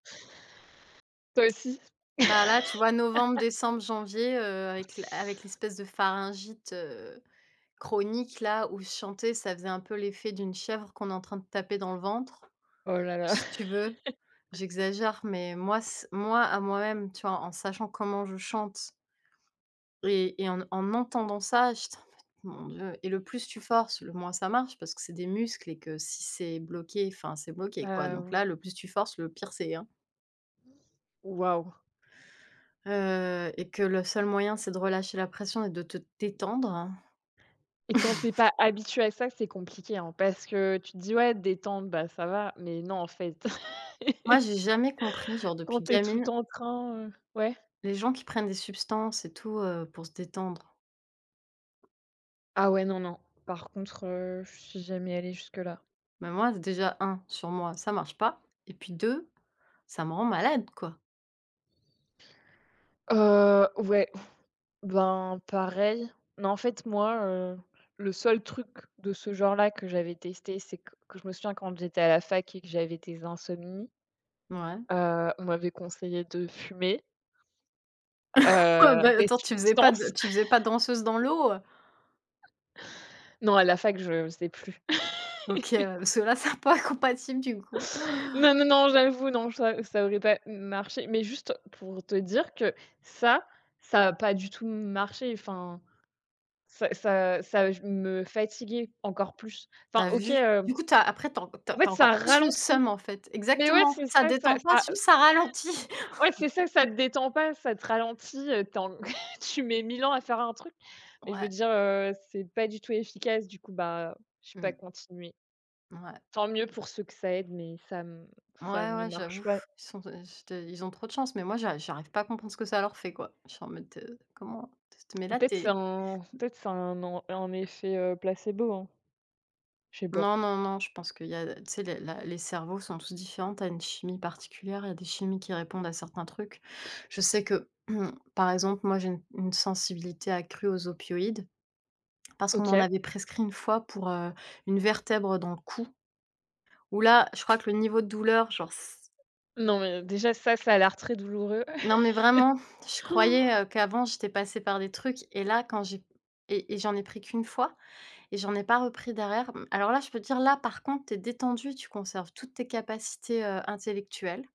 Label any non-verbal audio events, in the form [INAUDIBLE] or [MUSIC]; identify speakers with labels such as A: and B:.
A: Toi aussi.
B: Bah là, tu vois, novembre,
A: [LAUGHS]
B: décembre, janvier, heu, avec l avec l'espèce de pharyngite, heu, chronique là où chanter, ça faisait un peu l'effet d'une chèvre qu'on est en train de taper dans le ventre.
A: Oh là là.
B: Si tu veux,
A: [LAUGHS]
B: j'exagère, mais moi c moi à moi-même, tu vois, en sachant comment je chante et et en en entendant ça, j'étais en mode: «Mon Dieu» et le plus tu forces, le moins ça marche, parce que c'est des muscles et que si c'est bloqué, enfin, c'est bloqué, quoi.
A: Bah,
B: Donc
A: ou
B: là, le plus tu forces, le pire c'est, hein.
A: Waouh.
B: Heu et que le seul moyen, c'est de relâcher la pression et de te détendre.
A: Et quand tu es pas
B: [CHUCKLES]
A: habitué à ça, c'est compliqué, hein, parce que, tu te dis: «Ouais, détente, bah ça va», mais non, en fait.
B: Moi j'ai jamais compris
A: [LAUGHS]
B: genre
A: Quand
B: depuis
A: tu es tout le
B: gamine
A: temps en train, heu, ouais?
B: les gens qui prennent des substances et tout, heu, pour se détendre.
A: Ah ouais, non, non. Par contre, heu, je suis jamais allée jusque-là.
B: Mais, moi, déjà 1 sur moi, ça marche pas. Et puis 2, ça me rend malade, quoi.
A: Heu, ouais. Ben pareil. Mais en fait, moi, heu, le seul truc de ce genre là que j'avais testé, c'est q que je me souviens quand j'étais à la fac et que j'avais des insomnies,
B: Mouais.
A: heu, on m'avait conseillé de fumer
B: [CHUCKLES] Oh,
A: heu,
B: bah,
A: des
B: attends, tu faisais pas de
A: substances.
B: tu faisais pas
A: [CHUCKLES]
B: danseuse dans l'eau?
A: [CHUCKLES] Non, à la fac, je le faisais plus.
B: OK
A: [LAUGHS]
B: ouais, bah, ceux-là, ça pas compatibles, du coup.
A: Non,
B: [CHUCKLES]
A: non, non, j'avoue non, ça ça aurait pas m marché, mais juste, pour te dire que ça, ça a pas du tout m marché, enfin, ça ça ça j me fatiguait encore plus.
B: Tu
A: Enfin,
B: as
A: OK,
B: vu!
A: heu,
B: Du coup, tu as après tu as en tu as
A: en
B: tu
A: fait,
B: as
A: ça
B: encore plus le
A: ralentit.
B: seum, en fait.
A: Mais ouais,
B: Exactement.
A: c'est
B: Ça
A: ça, ça
B: détend pas,
A: ça
B: juste
A: [CHUCKLES]
B: ça ralentit.
A: ouais, c'est ça, ça
B: [CHUCKLES]
A: te détend pas, ça te ralentit, heu, tu es en [CHUCKLES] tu mets 1 000 ans à faire un truc. Mais je veux
B: Ouais.
A: dire, heu, c'est pas du tout efficace, du coup, bah, j'ai pas
B: Mmh.
A: continué.
B: Ouais.
A: Tant mieux pour ceux que ça aide, mais ça m ça
B: Mouais,
A: ne
B: ouais,
A: marche
B: j'avoue.
A: pas.
B: Ils sont t c'était ils ont trop de chance, mais moi j'a j'arrive pas à comprendre ce que ça leur fait, quoi. Je suis en mode, heu: «Comment? Tu s te mets
A: Ou
B: là,
A: peut-être
B: tu
A: c'est
B: es»
A: un
B: mmh.
A: peut-être c'est un en un effet, heu, placebo, hein. Je sais pas.
B: Non, non, non, je pense qu'il y a tu sais, la la les cerveaux sont tous différents, tu as une chimie particulière, il y a des chimies qui répondent à certains trucs. Je sais que, [COUGHS] par exemple, moi j'ai une une sensibilité accrue aux opioïdes parce qu'on m'en
A: OK.
B: avait prescrit une fois pour, heu, une vertèbre dans le cou, où là, je crois que le niveau de douleur, genre c
A: Non, mais déjà ça,
B: c
A: ça a l'air très douloureux.
B: Non, mais vraiment,
A: [CHUCKLES]
B: je croyais, heu,
A: [GASPS]
B: qu'avant, j'étais passée par des trucs et là, quand j'ai et et j'en ai pris qu'1 fois et j'en ai pas repris derrière. M alors là, je peux dire là, par contre, tu es détendu, tu conserves toutes tes capacités, heu, intellectuelles.